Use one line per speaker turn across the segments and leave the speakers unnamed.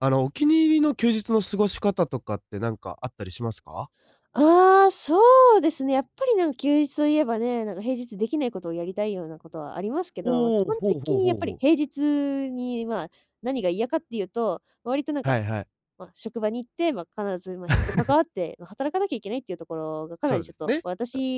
あの、お気に入りの休日の過ごし方とかって、なんか、あったりしますか？
ああ、そうですね、やっぱり、なんか、休日といえばね、なんか、平日できない事をやりたいような事はありますけど、まあ、
お
基
お、
本
ほう
的
ほう
に、や
ほ
っ
う
ぱ
ほ
り、
う。
平日に、まあ、何が嫌かっていうと、割と、なん
は
か、
いはい。
まあ、職場に行って、まあ、必ず、まあ、人と関 わって働かなきゃいけないっていうところが、かな
そ
り、
う
ち
で
ょっ
す
と、
ね。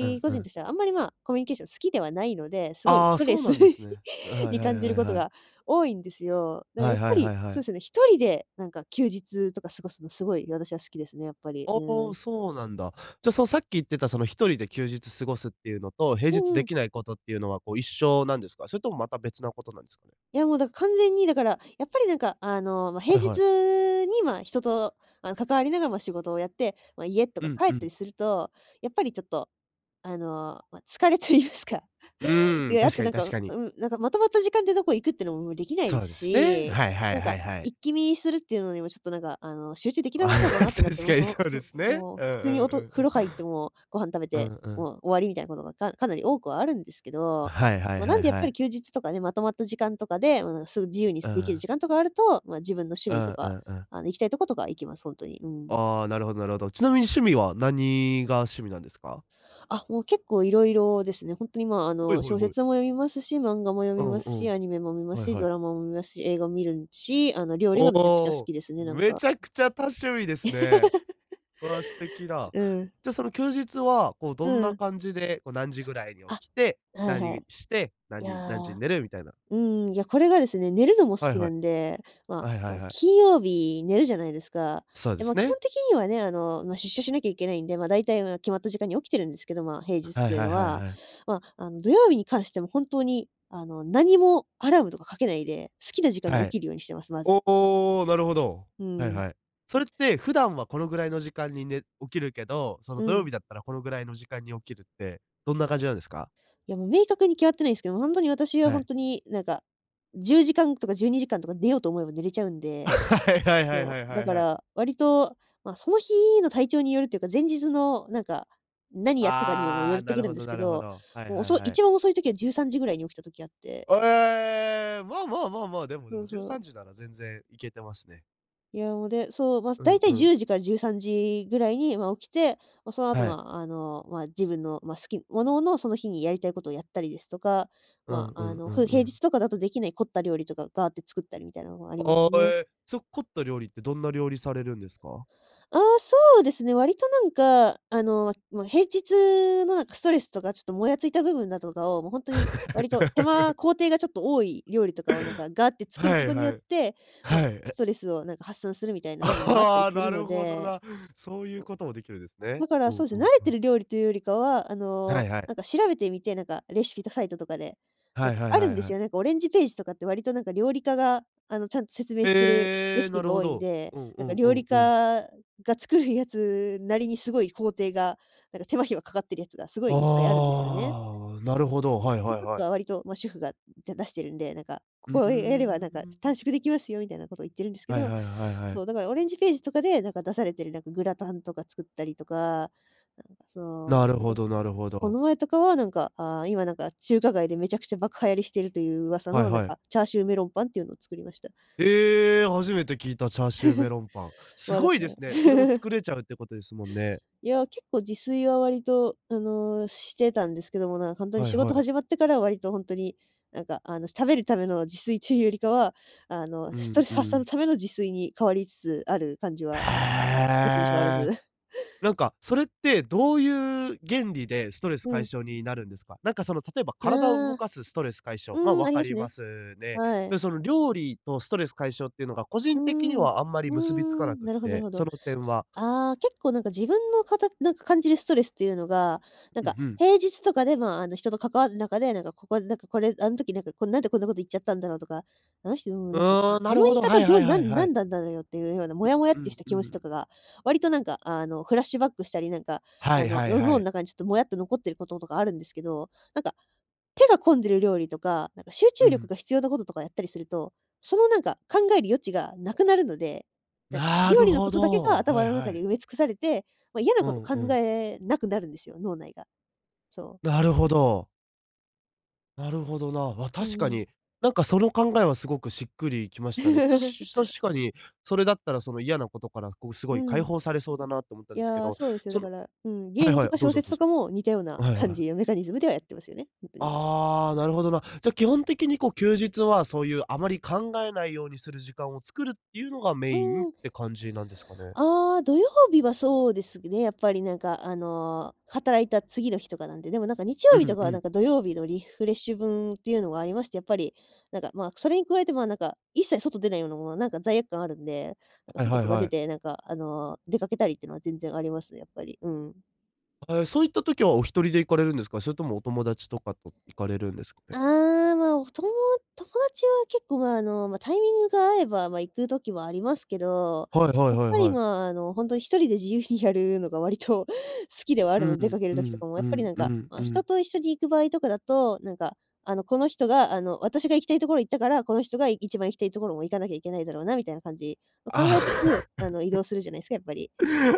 ううん
個
う
人
ん。
としては、あまり、まあ、コミュニケーション好きではないので、すごい
あ
ス
あ、
トレ
そう
ス
なんです ね。う、はい
に
はい
感じ
は
る
い
事
はい。
が多いんですよ。だから、
は
やっ
いは
ぱ
いは
り、
いは
そうで
い。
すね、1人で、なんか、休日とか過ごすの、すごい、私は好きですね、やっぱり。う
お
ー
お、
ん。
そうなんだ。じゃ、その、さっき言ってた、その、1人で休日過ごすっていうのと、平
う
日
んう
で
ん。
きないことっていうのは、こう、一緒なんですか？それとも、また、別なことなんですか。
いや、もう、だから、完全に、だから、やっぱり、なんか、あの、まあ、平
はいはい。
日に、まあ、人と関わりながらも仕事をやって、まあ、家と
う
か
ん
帰っ
う
たり
ん。
すると、やっぱり、ちょっと、あの、まあ、疲れと言いますか。
うーん。
であっ
確
て、
か
な
に
ん
確
か、
かに。
うん、なんか、まとまった時間でどこ行くっていうのもできないで
そ
す
うですね。
し、
はいは
なん
いは
か、
いはい。
一気見するっていうのにも、ちょっと、なんか、あの、集中できな
あ
さそうだ
あ、
なってなって、
確
もう、
かに
その、
そうで
[unintelligible]
すね。
もう、
うん
普
う
通に、
ん
お
う
と
ん
風
うん。
呂入って、もう、ご飯食べ
う
て、
んうん。
もう、終わりみたいな事が、かかなり多くはあるんですけど、
はいは
ま
い
あ、な
は
ん
い
で、やっぱ
は
り、
い。
休日とかね、まとまった時間とかで、うん、す自由に、
う
すできる
ん。
時間とかあると、まあ、自分の趣
う
味と
んう
か、
んうん。
あの、行きたいとことかは行きます、本当に。うん。
ああ、なるほどなるほど。ちなみに趣味は、何が趣味なんですか？
あ、もう、結構、色々ですね。本当に、まあ、あ
はい
の、
はい
小
はい。
説も読みますし、漫画も読
う
み
ん
ます
う
し、
ん。
アニメも見ます
はい
し、
はい。
ドラマも見ますし、映画も見るし、あの、料理
お
がめちゃくちゃ好
お、
きですね、なん
滅
か。
茶苦茶、多趣味ですね。わあ、素敵だ。
うん。
じゃ、その休日は、こう、
う
どんな
ん。
感じで、こう、何時ぐらいに
あ、
起きて、
はいは
何
い。
して、
いや、
何何時に寝る、みたいな。
うーん、いや、これがですね、寝るのも好
はい
き
は
な
い。
んで、まあ、
はいは
あ
い
の、
はい。
金曜日寝るじゃないですか。
そうで
で
す
も、基本
ね。
的にはね、あの、出社しなきゃいけないんで、まあ、大体、まあ、決まった時間に起きてるんですけど、まあ、平日っ
はい
ていう
は
の
いはい
は。
はい。
まあ、あの、土曜日に関しても、本当に、あの、何も、アラームとかかけないで、好きな時間に
は
起
い。
きるようにしてます。まず。
おお、なるほど。
うー
はい
ん。
はい。それって普段はこのぐらいの時間にね起きるけど、その、
う
土曜
ん。
日だったら、このぐらいの時間に起きるって、どんな感じなんですか？
いや、もう、明確に決まってないんですけど、本当に、私は、
は
本
い。
当に、なんか、10時間とか12時間とか寝ようと思えば寝れちゃうんで、
はいはいはい
そ
はい
う。
は
だ
い
か
はい。
ら割と、まあ、その日の体調によるっていうか、前日の、何か、何やったかにも
あ
よ
あ、
って
な
く
る
る
ほ
んで
ど
すけ
なるほ
ど、
ど。はい
もう、
はい
遅
はい。
一番遅い時は、13時ぐらいに起きた時あって。
お、ええ、まあまあまあまあ。でもで
そ
も、
う
じゅう
そ
さ
う。
んじなら全然、いけてますね。
いや、も、で、そう、ま、そ、
う
だ
ん
いたい
う
じゅ
ん。
うじから13時ぐらいには起きて、その後
はい。
はあの、ま、自分の、ま、好きもののその日にやりたいことをやったりですとか、
う
ま、
んう
あ
ん
の、
う
ふ
ん
う
う
平日
ん。
とかだとできない凝った料理とかガーって作ったりみたいなのがあります
あ
ね。
え、そ凝った料理ってどんな料理されるんですか？
あ、そうですね、割となんか、あの、ま、平日のなんかストレスとかちょっともやついた部分だとかを、もう、本当に割と手間 工程がちょっと多い料理とかをなんかガーって作る
は
こ
い
とに
は
よっ
い。
て、
は
ま、
い。
ス
え。
トレスをなんか発散するみたいな
あ、
部分もあったり
は、
する
な
の
るほど
で。
な。そういうこともできるんです
おだ
ね。
から
うん
そうで
う
すね、
ん
慣れ
う
て
ん。
る料理というよりかは、あ
は
の、
いはい。
なんか調べてみて、なんかレシピとサイトとかで、なん
はい
か
は
あ
い
る
は
ん
い
で
は
す
い。
よ。なんかオレンジページとかって割となんか料理家があの、ちゃんと説明しているレ
え、
シ
な
ピ
る
が
ほ
多いん
ど。
で、
うん
な
う
んか
んう
料理
ん
家
うん。
が作るやつなりにすごい工程がなんか手間暇かかってるやつがすごいいっぱいあるんですよね。
ああ、なるほど。はい
ぱ
はい
ぱっ
は
と
い。
は割と、ま、主婦が出してるんで、なんか、こ
うう
こ
ー
をやればなんか、ちょ、短
ん。
縮できますよみたいなことを言ってるんですけ
はい
ど。
はい、はいはい。
そう、だから、オレンジページとかで、なんか、出されてるなんかグラタンとか作ったりとか、なんか、そ
なる
う。えっ
ほ
と、
どなるほ
こ
ど。
の前とかは、なんか、あ、今、なんか、中華街でめちゃくちゃ爆流行りしているという噂
はい
の、なん
はい。
か、チャーシューメロンパンっていうのを作りました。
ええ、初めて聞いたチャーシューメロンパン。す
ま、だか
ごいで
ら
すね。それを 作れちゃうってことですもんね。
いや、結構自炊は割とあの、してたんですけども、なんか、本当に
はい
仕
は
事
い。
始まってからは、割と本当に、なんか、あの、食べるための自炊っつうよりかは、あの、
う
ストレ
ん
ス
う
発散の
ん。
ための自炊に変わりつつある感じ
へ
はなきにしもあらず。
え。なんか、それってどういう原理でストレス
う
解
ん。
消になるんですか？なんかその、例えば
あ。
体を動かすストレス解消ま、
うん、
分
あり
か
ます
りま
ね。
すね。
は
で、
い。
その料理とストレス解消っていうのが個
う
人的に
ん。
はあんまり
う
結びつかな
ん。
くっ
なるほどなる
て、
ほ
そ
ど。
の点は
あ、結構、なんか、自分のかたなんか、感じるストレスっていうのが、なん
うん
か、
うん。
平日とかで、ま、あの、人と関わる中で、何かここで、なんか、これ、あん時何か何でこんなこと言っちゃったんだろうとか、あの人、
う
なんか、あ
ーん、な
あ
る
の
ほ
言い
ど、は
方
い
ど
は
う
い
な
はい
ん
はい。
何なのよっていうような、モ
う
ヤモヤっ
う
て
ん
した
う
気持ち
ん。
とかが、割と何か、あの、フラッシュバックしたり、何か、
は
あ
い
の、
はい
の
は
脳の
い。
中にちょっとモヤっと残ってることとかあるんですけど、なんか、手が込んでる料理とか、なんか、集
う
中力
ん。
が必要なこととかやったりすると、その、なんか、考える余地がなくなるので、なんか、
な
料
る
理の
ほ
ことだけが
ど。は
頭
い
の
は
中で
い。
埋め尽くされて、ま、嫌な
う
こと
ん
考
うん。
えなくなるんですよ、脳内が。そう。
なるほど。なるほどな。あ、
う
確
ん
か
うん。
に、なんかその考えはすごくしっくりきましたね。た し確かに、それだったらその嫌なことからこう、す
う
ごい解
ん。
放されそうだなと思ったん
い
ですけ
や、
ど、
そうですよ。
そ
だ
の
からうん、ゲ
は
ー
い
ム
は
と
い、
か
どう
小
ぞ
説
どう
と
ぞ。
かも、似たよう
あ、
な
はいは
感
い。
じのメカニズムではやってますよね、ほんとに。
ああ、なるほどな。じゃあ基本的にこう休日は、そういうあまり考えないようにする時間を作るっていうのがメ
う
インっ
ーん。
て感じなんですかね。
ああ、土曜日はそうですね、やっぱりなんか、あの、働いた次の日とかなんで、でもなんか日
う
曜日と
ん
か
う
はなん
ん。
か、土曜日のリフレッシュ分、っていうのがありまして、やっぱり、なんか、まあ、それに加えて、まあ、なんか、一切外出ないようなものは、なんか罪悪感あるんで、なんか
はい
外
はい
とか
は
出
い。
てなんか、あの、出かけたりっていうのは全然あります、やっぱり。うん。
あ、ええ、そういった時はお一人で行かれるんですか？それともお友達とかと、行かれるんですかね。
ああ、まあ、おとも友達は結構、まあ、あの、ま、タイミングが合えば、ま、行く時もありますけど、
はいは
や
い
っ
はい
ぱり、
はい。
まあ、あの、ほんとに1人で自由にやるのが割と、好きではあ
うう
るので、出か
ん、
ける
う
時とか
ん、
も、
う
やっぱり
ん、
なん
う
か、
ん、
あ、
う
人
ん。
と一緒に行く場合とかだと、なんか、あの、この人が、あの、私が行きたいところ行ったから、この人がい一番行きたいところも行かなきゃいけないだろうな、みたいな感じを考
あ
えつつ、あの、
あ。
移 動するじゃないすか、やっぱり。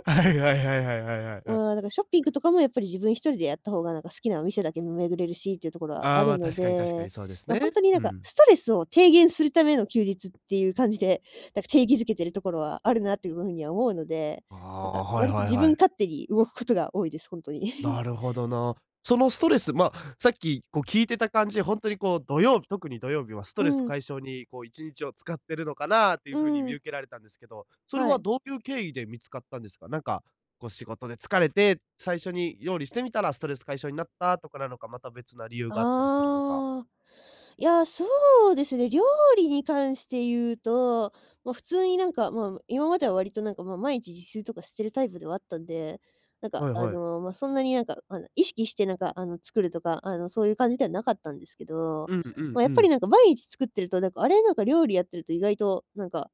あ、はいはいはいはいはいはいはい。
まあ、なんかショッピングとかもやっぱり自分1人でやった方が、なんか好きなお店だけ、ん、巡れるしっていうところは
あ
あ
あ、
る
ま、
の
確かに確か
で、
にそうです
ま、ほん
ね。
とにな
う
んか、
ん。
ストレスを低減するための休日っていう感じで、なんか定義づけてるところはあるなっていう風には思うので、
あ
なんか
あ、はい
割と
はい
自
は
分
い。
勝手に動くことが多いです、ほんとに。
なるほどな。そのストレス、ま、さっき、こう聞いてた感じで、ほんとにこう土曜日、特に土曜日はスト
う
レス
ん。
解消に、こう1日を使ってるのかな、ってい
う
う風に見
ん。
受けられたんですけど。それ
は
は
い。
どういう経緯で見つかったんですか？なんか、こう仕事で疲れて、最初に料理してみたら、ストレス解消になったとかなのか、また別な理由があったりするのか。
ああ。いや、そうですね、料理に関して言うと、ま、普通になんか、まあ、む今までは割となんか、まあ、毎日自炊とかしてるタイプではあったんで、なんか、
はい
あ
はい。
の、ま、そんなになんか、あの、意識してなんか、あの、作るとか、あのそういう感じではなかったんですけど。
うんうん
ま、や
う
っぱり
ん。
なんか毎日作ってると、なんか、あれ、なんか料理やってると意外と、なんか、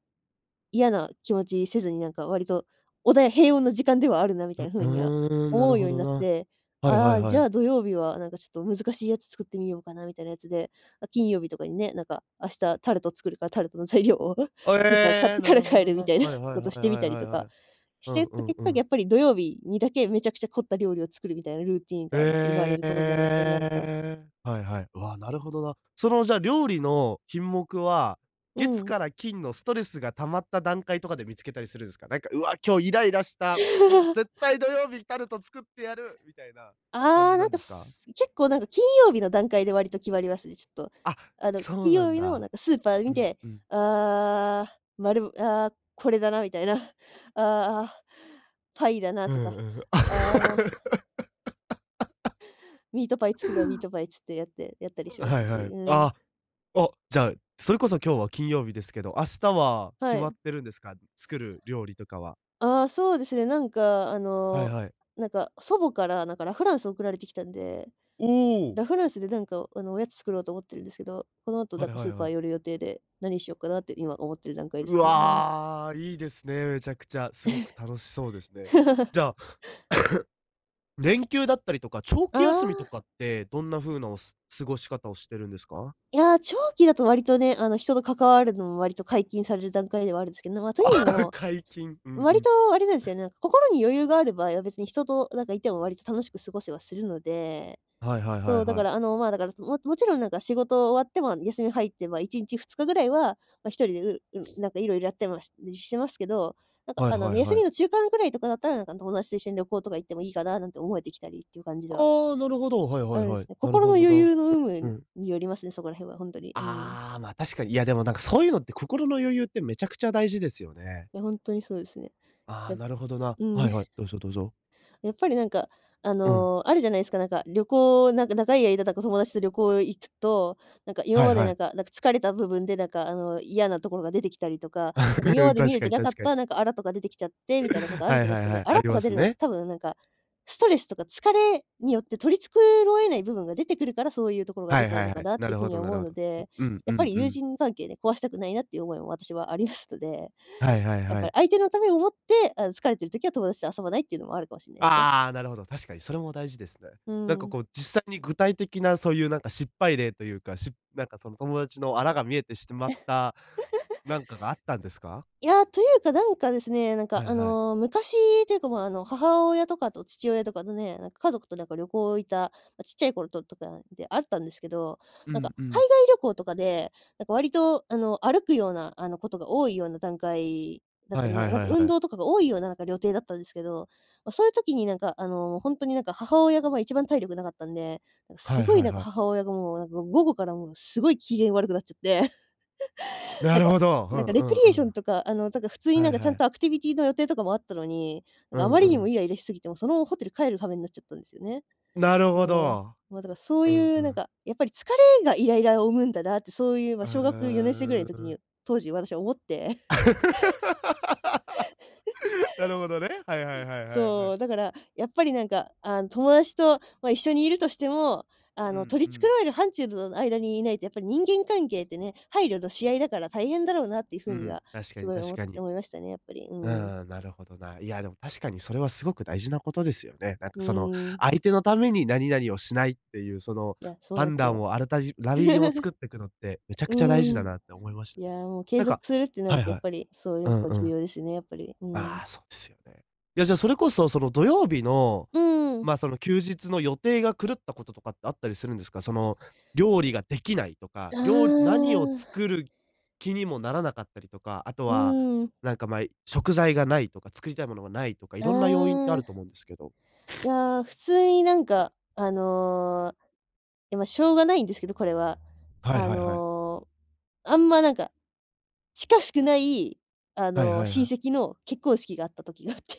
嫌な気持ちせずに何か割と、おだや平穏な時間ではあるなみ
う
たいな風には、
うーん、な
思
る
う
ほ
ように
ど
なっ
な。
て。
はいは
あ
い
あ、
は
じゃ
い。
あ土曜日はなんかちょっと難しいやつ作ってみようかな、みたいなやつで、あ、金曜日とかにね、なんか、明日タルト作るからタルトの材料を、ス
あ、
ーパー買っ
ええ。
て
な
から
るほ
帰
ど
る
な。
みたいな、
はいはいは
こ
い
とし
は
てみ
い
たり
はい
と
は
か、
い。う
してい
ん
っ
う
た
ん
結
う
果、や
ん。
っぱり土曜日にだけ、めちゃくちゃ凝った料理を作るみたいなルーティーンが、なんか生まれ
ええ
る
え
ことになりましたね、なんか。
え。はいはい。うわ、なるほどな。そのじゃ料理の品目は、
う
月
ん。
から金の、ストレスが溜まった段階とかで見つけたりするんすか？なんか、「うわ、今日イライラした、ん、絶対土曜日タルト作ってやる」みたいな感
ああ、
じ
な
な
ん
んで
か、
すか？
す結構なんか金曜日の段階で割と決まりますね、ちょっと。
あ、
あの、
そう
金
な
曜
ん
日のなん
だ。
かスーパーで
う
見
ん
て、
うん。
「ああ、丸、ああこれだな」みたいな。「ああ。パイだな」
う
と
ん
か、
うん。
「ああもう」「ミートパイ作るわ、ミートパイ」っつって、やってやったり
う
します、
は
ほん
い
と
は
に。
い。
うん。
あ、お、じゃあ、それこそ今日は金曜日ですけど、明日は、決
は
まっ
い。
てるんですか。作る料理とかは。
ああ、そうですね。なんか、あ
はい
の、
はい。
なんか、祖母から、なんかラ・フランス送られてきたんで。
おう。
ラ・フランスでなんかあの、おやつ作ろうと思ってるんですけど、この後
は
なん
い
か
は
ス
い
ーパ
は
ー
い。
寄る予定で、何しようかなって今思っている段階です
う
ね、うん。
わ、いいですね、めちゃくちゃ、すごく楽しそうですね。じゃあ、連休だったりとか、長
あ
期休みと
あ。
かって、どんな風な、おす過ごし方をしてるんですか？
いや、長期だと割とね、あの、人と関わるのも割と解禁される段階ではあるんですけど。ま、とい
あ、
うの も、
解禁。うんう
割
ん。
と、あれなんですよね、心に余裕がある場合は、別に人と、なんかいても割と楽しく過ごせはするので。
はいはいは
そ
い
う、だか
はい。
らあの、まあ、だからその、ももちろんなんか、仕事終わっても休み入って、まあ、1日2日ぐらいは、ま、1人で、ううん、なんかいろいろやってまししてますけど、なんか
はい
あの
はい
ね、休
は
み
い。
の中間くらいとかだったら、なんかあん友達と一緒に旅行とか行ってもいいかな、なんて思えてきたりっていう感じでは
ああ、なるほど。はい
あ
はい
るん
は
す
い。
ね、
なる
心の
ほど
余
な。
裕の有
うう
無、
ん。
によりますね、そこら辺はほんとに。うん。
ああ、ま、確かに。いや、でもなんかそういうのって、心の余裕ってめちゃくちゃ大事ですよね。
いや、ほんとにそうですね。
ああ、
や
なるほどな。
うん。
はいはい、どうぞどうぞ。
やっぱりなんか、あ
うん。
の、あるじゃないすか、なんか、旅行なんか長い間だか友達と旅行へ行くと、なんか今
はい
まで
は
なん
い。
かなんか疲れた部分で、なんかあの、嫌なところが出てきたりとか。なんか 今
う
ま
ん、
で見
確
れ
か
て
に
なか
確
っ
かに。
た、なんか粗とか出てきちゃって、みたいなことあ
は
る
い
じゃない
は
す
い
か。ね。
はい、
粗
あり
と
ま
か出
す
るのって
ね。
多分なんか、ストレスとか疲れによって取り繕えない部分が出てくるから、そういうところが
は
出
い
ちゃ
は
う
い
のか
はい。
なっ
な
てい
る
う風
ほ
に
ど
は
な
思
る
う
ほ
の
ど。う
で。
うん
や
う
っぱ
ん
り
う
友
ん。
人関係ね、壊したくないなっていう思いも私もありますので、
はいはい
やっ
は
ぱ
い。
り相手のためを思って、あの、疲れてる時は友達と遊ばないっていうのも、あるかもしんないすね。
ああ、なるほど、確かにそれも大事ですね。
う
なんか
ん。
こう、実際に具体的なそういうなんか失敗例というか、しなんかその友達の粗が見えてしてまった、なんかがあったんですか？
いや、というかなんかですね、なんか
はい
あ
はい。
の、昔というか、まあ、あの、母親とかと父親とかとね、なんか家族となんか旅行行った、ま、ちっちゃい頃ととかであったんですけど、
う
なんか
んう
海
ん。
外旅行とかで、なんか割とあの歩くような、あのことが多いような段階だっ
は
た
い
り、ま、
はい
なん
は
か
い
運
はい。
動とかが多いような、なんか旅程だったんですけど。ま、そういう時になんか、あの、ほんとになんか母親が、ま、一番体力なかったんで、なんかす
はい
ごい
はい
なんか
はい。
母親がもうなんか、午後からもうすごい機嫌悪くなっちゃって、
な
なん
る
か
ほど、う
なんか
ん
レ
う
ク
ん
リエ
う
ーション
ん。
とか、あの、なんか普通にな
は
ん
い
かちゃ
は
ん
い。
と、アクティビティーの予定とかもあったのに、なん
う
かあ
ん
まりに
う
も
ん。
イライラしすぎて、もうそのままホテル帰る羽目になっちゃったんですよね。
なるほ
そう。
ど。
まあ、だからそう
うん
い
う
う、なん
ん。
か、やっぱり疲れがイライラを生むんだなって、そういう、ま、小学四年生ぐらい
あ、
の時に、
う
当時私は思って。
なるほどね、はいはいはいはいは
そ
い。
う、だから、やっぱりなんかあん、友達と、ま、一緒にいるとしても、
う
あの、
ん
取
う
り繕
ん。
える範疇のの間にいないと、やっぱり人間関係ってね、配慮のし合いだから大変だろうなっていう
う
風に
ん、
は、
確か
す
に
ごいお
確
も
かに。
思いましたね、やっぱり。う
う
ん。
ん、なるほどな。いや、でも確かにそれはすごく大事なことですよね。なん
う
かその、
ーん。
相手のために何々をしないっていうその、
いや、そうなん
判
すよ。
断をあらたじラインを作っ てくのって、めちゃくちゃ大事
う
だ
ん。
なって思いまし。
い
[unintelligible]
や、もう継
なんか
続するってな
は
る
い
と、やっ
はい。
ぱりそうい
う
うと
ん
こ
う
重
ん。
要ですよね、やっぱり、う
あ
ん。
あ、そうですよね。いや、じゃあそれこそ、その土曜日の、
うーん。
まあ、その休日の予定が狂ったこととかってあったりするんですか。その、料理ができないとか、
あ
りょう何を
あ。
作る気にもならなかったりとか、あと
う
は、
ーん。
なんか、ま、い食材がないとか、作りたいものがないとか、い
あ
ろんな要因ってあると
あ。
思うんですけど。
い や、普通になんかあの、や、ま、しょうがないんですけど、これは。
はい
あ
はいはい。
の、あんまなんか、近しくないあ
はい
の、
はいは
親
い。
戚の結婚式があった時があって。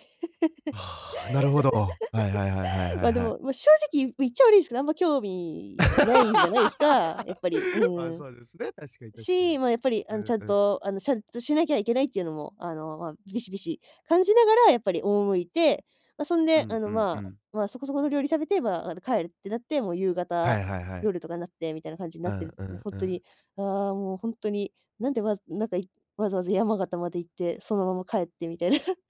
ああ、なるほど。はいはいはいはい はい
ま、で
はい。
も、ま、正直ゆう言っちゃ悪いんすけど、あんま興味ないじゃないですか、やっぱり、う
ああ、
ん。
そうですね、確かに確かに。
し、ま、やっぱり
う
あのち
ん
ゃん
うん。
と、あのしゃんとしなきゃいけないっていうのも、あの、ま、ビシビシ感じながらやっぱり赴いて、ま、そん
う
であ
んう
の、
んう
まあ
ん。
まあ、そこそこの料理食べて、まあ、あの帰るってなって、もう夕
は
方
いはいはい。
夜とかになってみたいな感じに
う
なって
ん
る、
う
もう
ん
ほん
う
と
ん。
に、ああ、もうほんとに、なんで、わずなんか、いわざわざ山形まで行って、そのまま帰ってみたいな、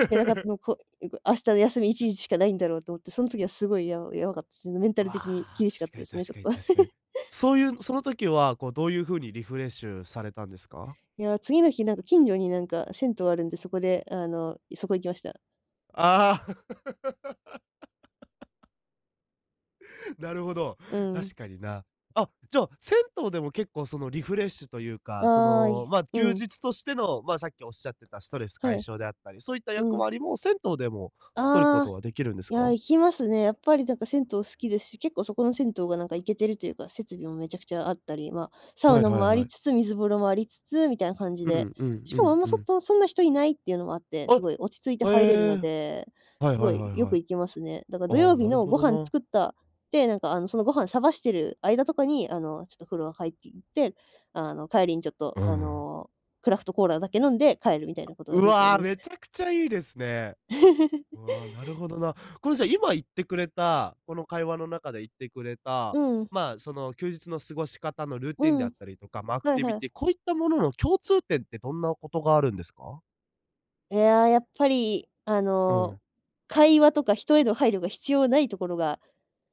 いけなかった の、こいこ、明日の休み1日しかないんだろうと思って、その時はすごいやうやばかった、その、メンタル的に
わ、
厳しかっ
確か
たで
に
すね、ち
確
ょ
か
っ
に
と。
確かに。そういうその時は、こう、どういう風にリフレッシュされたんですか？
いや、次の日なんか、近所になんか銭湯あるんで、そこで、あの、そこ行きました。
ああ。なるほど。
うん。
確かにな。あ、じゃあ、銭湯でも、結構、その、リフレッシュというか、そ
ああい、
の、まあ、
う
休
ん。
日としての、まあ、さっきおっしゃってた、ストレス
は
解
い。
消であったり、そういった役
うん。
割も、銭湯でも取るこ
あ
と
あ、
はできるんです
いや、
か？
行きますね。やっぱり、なんか、銭湯好きですし、結構そこの銭湯がなんかいけてるというか、設備も滅茶苦茶あったり、まあ、サ
は
ウ
い
ナ
は
も
い
あ
は
り
い。
つつ、水風呂もありつつ、みたいな感じ
う
で、
んうん、
し
うんう
かも、あ
ん
んま、
う
そ
ん。
こ、そんな人いないっていうのもあって、す
あ、
ごい、落ち着いて
へ
入れるの
え。
で、
はい
す
は
ご
い
い、
はい
よ
は
く
い。
行きますね。だから土
あ
曜
あ、
日
なる
の
ほ
ご
ど
飯
な。
作った、で、なんか、あの、そのご飯探してる間とかに、あの、ちょっと風呂入りに行って、あの、帰りに、ちょっと、
う
あ
ん。
の、クラフトコーラだけ飲んで帰るみたいなことが
う
よくや
わ、
りま
滅
す。
茶苦茶いいですね。うわ、なる ほどな。この、じゃ、今言ってくれた、この、会話の中で言ってくれた、
うん。
まあ、その、休日の過ごし方のルー
う
ティンであっ
ん。
たりとか、まあ、アク
はい
ティビ
はい。
ティ、こういったものの共通点ってどんなことがあるんですか？
いや、やっぱり、あ
う
の、
ん。
会話とか、人への配慮が必要ないところが、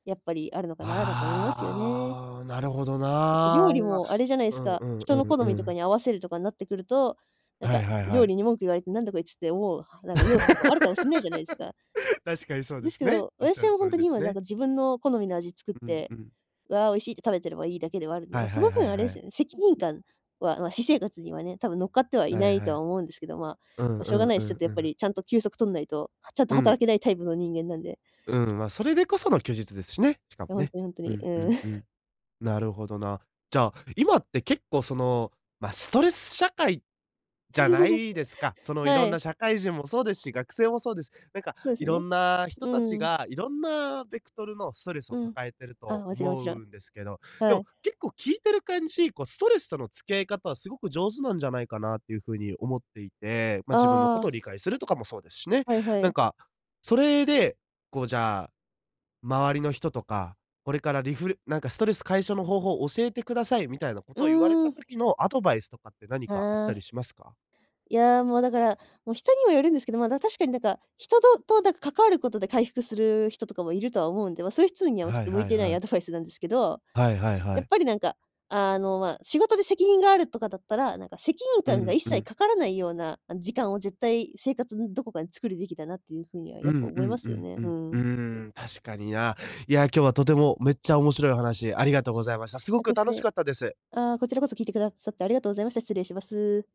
やっぱり、あるのかな、なんて思いますよね。
ああ、なるほど
だって、料
な。
理もあれじゃない
う
す
ん
か。
うん
人
う
の
ん
好
う
みとか
ん。
に合わせるとかになってくると、なん
はい
か、
はいは
料
い。
理に文句言われて、なんだこいつって思う、なんか、ニュースとかあるかもしんないじゃないですか。
確かにそうで
です
す
け
ね。
ど、
おっしゃ
私
る
は、
通
本
り
当に、
です
今、なん
ね。
か、自分の好みの味作っ
うん
て、
うん。
わ、美味しいって食べてればいいだけではあるんで。
は
まあ、
い
そ
は
の
いは
分、
い
あれ
は
です
い。
よね、責任感は、まあ、私生活にはね、多分、乗っかってはい
は
な
い
い
は
とは
い。
思うんですけど。ま
うん
あ、し
う
ょうが
ん
ないで
う
す、ちょっ
ん
と、や
う
っぱ
ん。
り、ちゃんと休息取んないと、ちゃんと、
うん。
働けないタイプの人間なんで。
うん、まあ、それでこその休日ですしね、しか
い
も
や、本
ね。
当に本当
う
に、う
んう
ーん。
んう ん。なるほどな。じゃあ、今って、結構、その、まあ、ストレス社会じゃないですか。そ の、い
は
ろんな
い。
社会人もそうですし、学生もそうです。なんか、
そうで
い
す
ろ
ね。
んな人
う
たち
ーん。
が、いろんなベクトルのストレスを
うん。
抱えてる
ああ、
と
もちろんも
思
ちろん。
うんですけど、で
は
も、
い。
結構、聞いてる感じ、こう、ストレスとの付き合い方はすごく上手なんじゃないかなっていう風に思っていて、まあ、自分の
あ
事
あ。
を理解するとかもそうですしね。
はいは
なん
い。
か、それで、こう、じゃあ、周りの人とか、これからリフなんか、ストレス解消の方法を教えてください、みたいな
う
事を言われ
ー
た
ん。
時のアドバイスとかって、何かあっ
あ
たり
あ。
しますか？
いや、もうだから、もう、人にもよるんですけど、まあ、確かに、なんか、人とと、なんか、関わる事で回復する人とかもいるとは思うんで、まあ、そういう人にはち
は
ょっ
い
と向
は
い
い
てな
は
いア
い。
ドバイスなんですけど、
はいはいは
やっ
い。
ぱり、なんか、あの、まあ、仕事で責任があるとかだったら、なんか、責任
う
感が
ん
一
う
切
ん。
かからないような、あの、時間を、絶対、生活のどこかで作るべきだなっていう風には、
う
やっぱり、
んう
思いま
んう
すよ
ん
ね。
う
う
ん、うー
ん。
ん。確かにな。いや、今日はとても、めっちゃ面白いお話、ありがとうございました。すごく楽し
[unintelligible]
かったです。
ああ、こちらこそ聞いてくださってありがとうございました。失礼します。